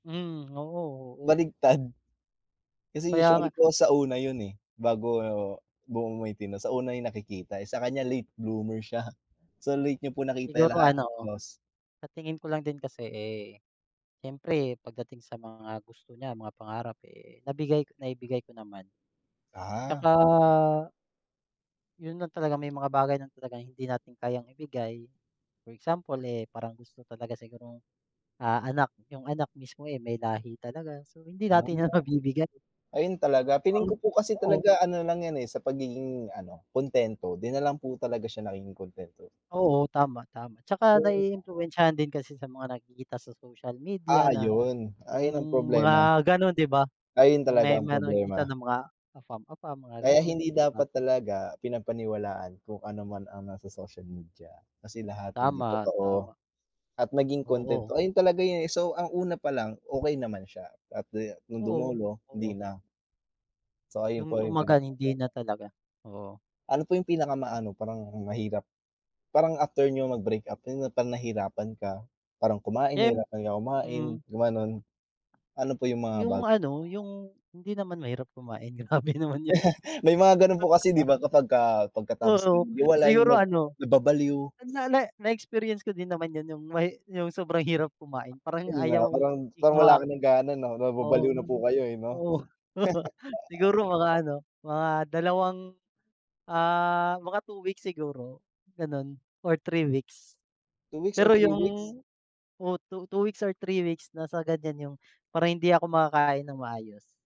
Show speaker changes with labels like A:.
A: Hmm, oo, oo.
B: Baligtad. Kasi
A: Kaya
B: usually
A: nga
B: po sa una 'yon, eh, bago buo makikita, sa una 'yon nakikita, eh. Sa kaniya late bloomer siya. So late na po nakita 'yong
A: Siguro,
B: lahat,
A: ano,
B: yos
A: sa tingin ko lang din kasi, eh, siyempre pagdating sa mga gusto niya, mga pangarap, eh, nabigay naibigay ko naman. 'Tsaka
B: Ah.
A: 'yon lang talaga, may mga bagay lang talagang hindi natin kayang ibigay. For example, eh, parang gusto talaga sigurong, ah, anak 'yong anak mismo, eh, may lahi talaga. So hindi natin so 'yon mabibigay.
B: [unintelligible] Ayun talaga. Feeling ko po kasi
A: Oo.
B: talaga ano lang 'yan, eh, sa pagiging, ano, kuntento. 'Di na lang po talaga siya nagiging kuntento.
A: Oo, tama, tama. 'Tsaka
B: Though
A: naiimpluwensyahan din kasi sa mga nakikita sa social media
B: Ah,
A: na
B: ayun. Ayun ang
A: 'yong
B: problema.
A: mga gano'n, 'di ba?
B: Ay, 'yon
A: 'Yong
B: talaga
A: may
B: ang
A: mayro'ng nakikita
B: problema.
A: na mga AFAM-AFAM mga
B: Kaya
A: gano'n,
B: hindi
A: 'di ba?
B: dapat talaga pinapaniwalaan kung ano man ang nasa social media. Kasi lahat hindi
A: Tama,
B: totoo.
A: tama.
B: At maging kuntento.
A: Oo.
B: Ayun talaga 'yon, eh, so ang una palang okey naman siya, at de no'ng
A: Oo,
B: dumulo, hindi
A: oo.
B: na. So ayun
A: 'Yong
B: po 'yong
A: tumagal, hindi
B: pinoproblema.
A: na talaga, oo.
B: Ano po 'yong pinaka ma-ano parang mahirap? Parang after niyo mag-breakup 'yon 'yong parang nahirapan ka, parang kumain,
A: Siyem
B: nahirapan ka kumain,
A: mm.
B: gumano'n. Ano po 'yong mga
A: 'Yong,
B: bagay?
A: ano, 'yong hindi naman mahirap kumain, grabe naman 'yon.
B: May mga gano'n po kasi, 'di ba? Kapagka pagkatapos
A: Oo.
B: maghiwalay
A: Siguro,
B: na
A: ano,
B: nababaliw.
A: sandali na-experience ko din naman 'yon, 'yong may 'yong sobrang hirap kumain, parang
B: Ayun nga,
A: ayaw
B: parang
A: 'di ka
B: parang wala
A: maka
B: ka nang gana, 'no,
A: oo,
B: nababaliw na po kayo, eh, 'no?
A: oo. Siguro mga, ano, mga 2, ah, mga 2 weeks siguro, gano'n, or 3 weeks.
B: 2 weeks or
A: Pero
B: 3
A: 'yong,
B: weeks?
A: oh, 2, 2 weeks or 3 weeks, nasa ganiyan, 'yong parang hindi ako makakain ng maayos.